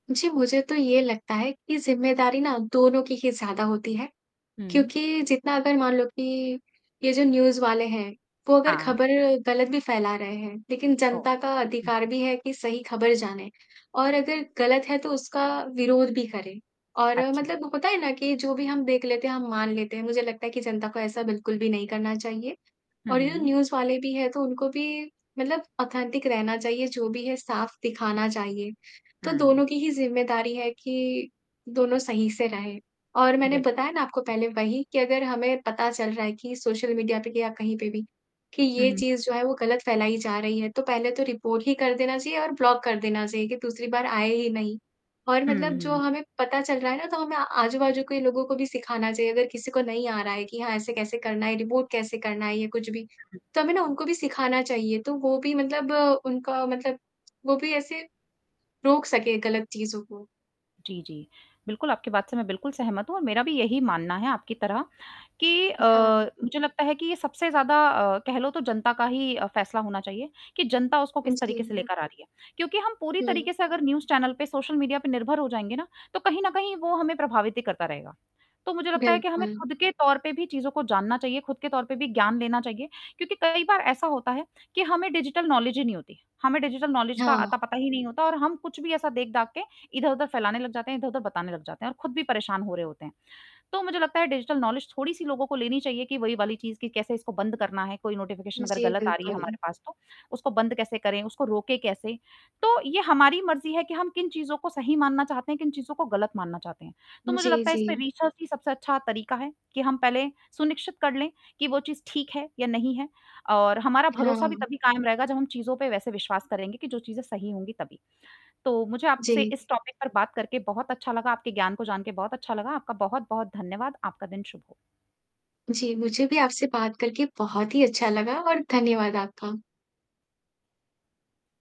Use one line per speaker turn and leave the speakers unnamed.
जी, मुझे तो ये लगता है की ज़िम्मेदारी ना दोनों की ही ज़्यादा होती है
उ, हुँ।
क्योंकि जितना अगर मान लो कि ये जो न्यूज़ वाले हैं, वो अगर
हाँ।
खबर गलत भी फैला रहे हैं, लेकिन
ओ
जनता का
उ
अधिकार भी है कि सही खबर जाने और अगर गलत है, तो उसका विरोध भी करें, और
अच्छा।
मतलब होता है ना कि जो भी हम देख लेते हैं, हम मान लेते हैं। मुझे लगता है कि जनता को ऐसा बिल्कुल भी नहीं करना चाहिए।
हुँ,
और ये जो
हुँ।
न्यूज़ वाले भी हैं तो उनको भी मतलब ऑथेंटिक रहना चाहिए जो भी है साफ दिखाना चाहिए। तो
हुँ।
दोनों की ही ज़िम्मेदारी है कि, दोनों सही से रहें और मैंने
बिल्कुल।
बताया ना आपको पहले वही कि अगर हमें पता चल रहा है कि सोशल मीडिया पे या कहीं पे भी कि
हुँ,
ये
हुँ।
चीज़ जो है वो गलत फैलाई जा रही है। तो पहले तो रिपोर्ट ही कर देना चाहिए और ब्लॉक कर देना चाहिए कि दूसरी बार आए ही नहीं और
हुँ,
मतलब जो
हुँ।
हमें पता चल रहा है ना तो हमें आजू-बाजू के लोगों को भी सिखाना चाहिए, अगर किसी को नहीं आ रहा है कि हाँ ऐसे कैसे करना है, रिपोर्ट कैसे करना है या कुछ भी।
हुँ, हुँ।
तो हमें ना उनको भी सिखाना चाहिए, तो वो भी मतलब उनका मतलब वो भी ऐसे रोक सके गलत चीज़ों को।
जी, जी, बिल्कुल आपकी बात से मैं बिल्कुल सहमत हूँ और मेरा भी यही मानना है, आपकी तरह कि अ,
हाँ।
मुझे लगता है कि ये सबसे ज़्यादा अ, कह लो तो जनता का ही फैसला होना चाहिए कि जनता उसको
उ,
किस
जी।
तरीके से
हुँ।
लेकर आ रही है क्योंकि हम पूरी
हुँ।
तरीके से अगर न्यूज़ चैनल पे, सोशल मीडिया पे निर्भर हो जाएँगे ना, तो कहीं न कहीं वो हमें प्रभावित ही करता रहेगा। तो मुझे लगता है कि हमें
बिल्कुल।
खुद के तौर पे भी चीज़ को जानना चाहिए, खुद के तौर पे भी ज्ञान लेना चाहिए क्योंकि कई बार ऐसा होता है कि हमें डिजिटल नौलेज ही नहीं होती। हमें डिजिटल नौलेज का
हाँ।
अता पता ही नहीं होता और हम कुछ भी ऐसा देख-दाख के इधर-उधर फैलाने लग जाते हैं, इधर-उधर बताने लग जाते हैं और खुद भी परेशान हो रहे होते हैं। तो मुझे लगता है डिजिटल नौलेज थोड़ी-सी लोगों को लेनी चाहिए कि वही वाली चीज़ की कैसे इसको बंद करना है। कोई नोटिफ़िकेशन अगर
जी,
गलत आ रही है हमारे
बिल्कुल।
पास तो, उसको बंद कैसे करें, उसको रोकें कैसे? तो ये हमारी मर्ज़ी है कि हम किन चीज़ों को सही मानना चाहते हैं, किन चीज़ों को गलत मानना चाहते हैं। तो मुझे
जी,
लगता है इसमें
जी।
रिसर्च ही सबसे अच्छा तरीका है कि हम पहले सुनिश्चित कर लें कि वो चीज़ ठीक है या नहीं है और हमारा
हाँ,
भरोसा भी
हाँ।
तभी कायम रहेगा जब हम चीज़ों पे वैसे विश्वास करेंगे कि जो चीज़ें सही होंगी तभी। तो मुझे आपसे
जी।
इस टॉपिक पर बात करके बहुत अच्छा लगा। आपके ज्ञान को जान के बहुत अच्छा लगा। आपका बहुत-बहुत धन्यवाद। आपका दिन शुभ हो।
जी, मुझे भी आपसे बात करके बहुत ही अच्छा लगा और धन्यवाद आपका।